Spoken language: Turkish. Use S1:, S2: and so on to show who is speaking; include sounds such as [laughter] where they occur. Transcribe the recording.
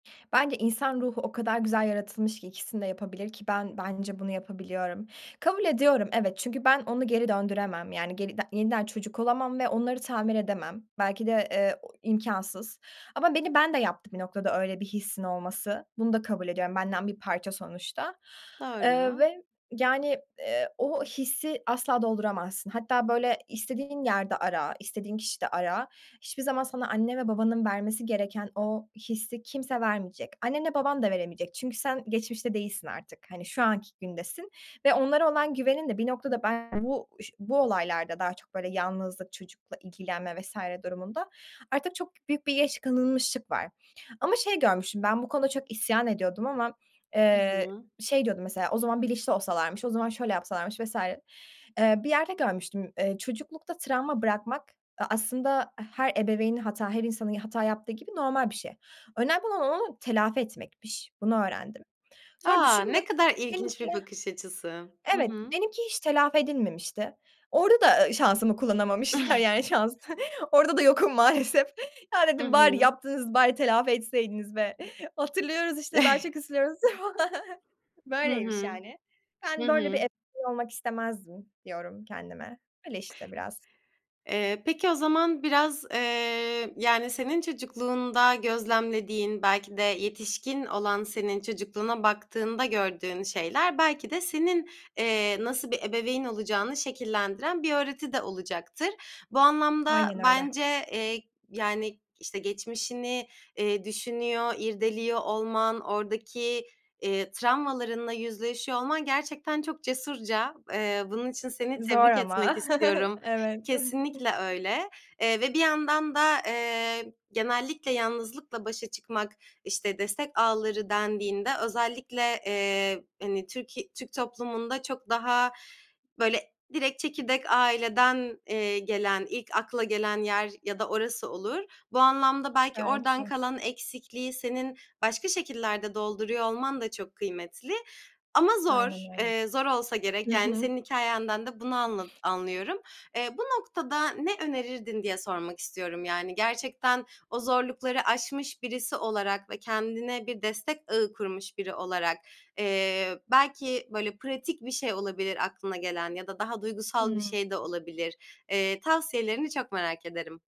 S1: Bence insan ruhu o kadar güzel yaratılmış ki ikisini de yapabilir ki ben bence bunu yapabiliyorum. Kabul ediyorum evet, çünkü ben onu geri döndüremem, yani, geri de yeniden çocuk olamam ve onları tamir edemem. Belki de, eee, o imkânsız. Ama beni ben de yaptı bir noktada öyle bir hissin olması. Bunu da kabul ediyorum, benden bir parça sonuçta, eee,
S2: Doğru.
S1: ve, yani, eee, o hissi asla dolduramazsın. Hatta, böyle, istediğin yerde ara, istediğin kişide ara, hiçbir zaman sana anne ve babanın vermesi gereken o hissi kimse vermeyecek. Annenle baban da veremeyecek çünkü sen geçmişte değilsin artık, hani, şu anki gündesin ve onlara olan güvenin de bir noktada ben bu ş bu olaylarda daha çok böyle yalnızlık, çocukla ilgilenme vs. durumunda artık çok büyük bir geç kalınmışlık var. Ama şey görmüştüm, ben bu konuda çok isyan ediyordum ama,
S2: Hı
S1: eee,
S2: hı.
S1: şey, diyordum mesela, "O zaman bilinçli olsalarmış, o zaman şöyle yapsalarmış vs." Eee, bir yerde görmüştüm, eee, çocuklukta travma bırakmak a aslında her ebeveyni hata, her insanın ya hata yaptığı gibi normal bir şey. Önemli olan onu telafi etmekmiş. Bunu öğrendim. Sonra
S2: A! Ne
S1: düşündüm,
S2: kadar ilginç
S1: benimki
S2: bir bakış açısı. Hı
S1: evet,
S2: hı.
S1: benimki hiç telafi edilmemişti. Orada da, eee, şansımı kullanamamışlar,
S2: [chuckles]
S1: yani, şans. Orada da yokum maalesef. Ya,
S2: I
S1: dedim, "Bari
S2: hı.
S1: yaptınız bari telafi etseydiniz be! Hatırlıyoruz işte daha çok
S2: [chuckles]
S1: üzülüyoruz." [chuckles]
S2: Hı
S1: Böyleymiş
S2: hı.
S1: yani.
S2: Hı
S1: "Ben böyle bir
S2: hı.
S1: e [unintelligible] olmak istemezdim." diyorum kendime. Öyle işte biraz.
S2: Eee, peki o zaman biraz, eee, yani, senin çocukluğunda gözlemlediğin, belki de yetişkin olan senin çocukluğuna baktığında gördüğün şeyler belki de senin, eee, nasıl bir ebeveyn olacağını şekillendiren bir öğreti de olacaktır. Bu anlamda
S1: Aynen öyle.
S2: bence, eee, yani, işte, geçmişini, eee, düşünüyor, irdeliyor olman, oradaki, eee, travmalarınla yüzleşiyor olman gerçekten çok cesurca. Eee, bunun için seni
S1: Zor
S2: tebrik etmek
S1: ama. [chuckles]
S2: istiyorum.
S1: Evet. [chuckles]
S2: Kesinlikle öyle, eee, ve bir yandan da, eee, genellikle yalnızlıkla başa çıkmak, işte, destek ağları dendiğinde özellikle, eee, hani, Türki Türk toplumunda çok daha böyle direkt çekirdek aileden, eee, gelen, ilk akla gelen yer ya da orası olur. Bu anlamda belki
S1: Belki
S2: oradan
S1: de.
S2: kalan eksikliği senin başka şekillerde dolduruyor olman da çok kıymetli. Ama
S1: Aynen
S2: zor,
S1: öyle.
S2: eee, zor olsa
S1: Hı
S2: gerek. Yani,
S1: hı.
S2: senin hikâyenden de bunu anla anlıyorum. Eee, bu noktada ne önerirdin diye sormak istiyorum. Yani, gerçekten o zorlukları aşmış birisi olarak ve kendine bir destek ağı kurmuş biri olarak, eee, belki böyle pratik bir şey olabilir aklına gelen ya da daha duygusal bir
S1: Hımm.
S2: şey de olabilir. Eee, tavsiyelerini çok merak ederim.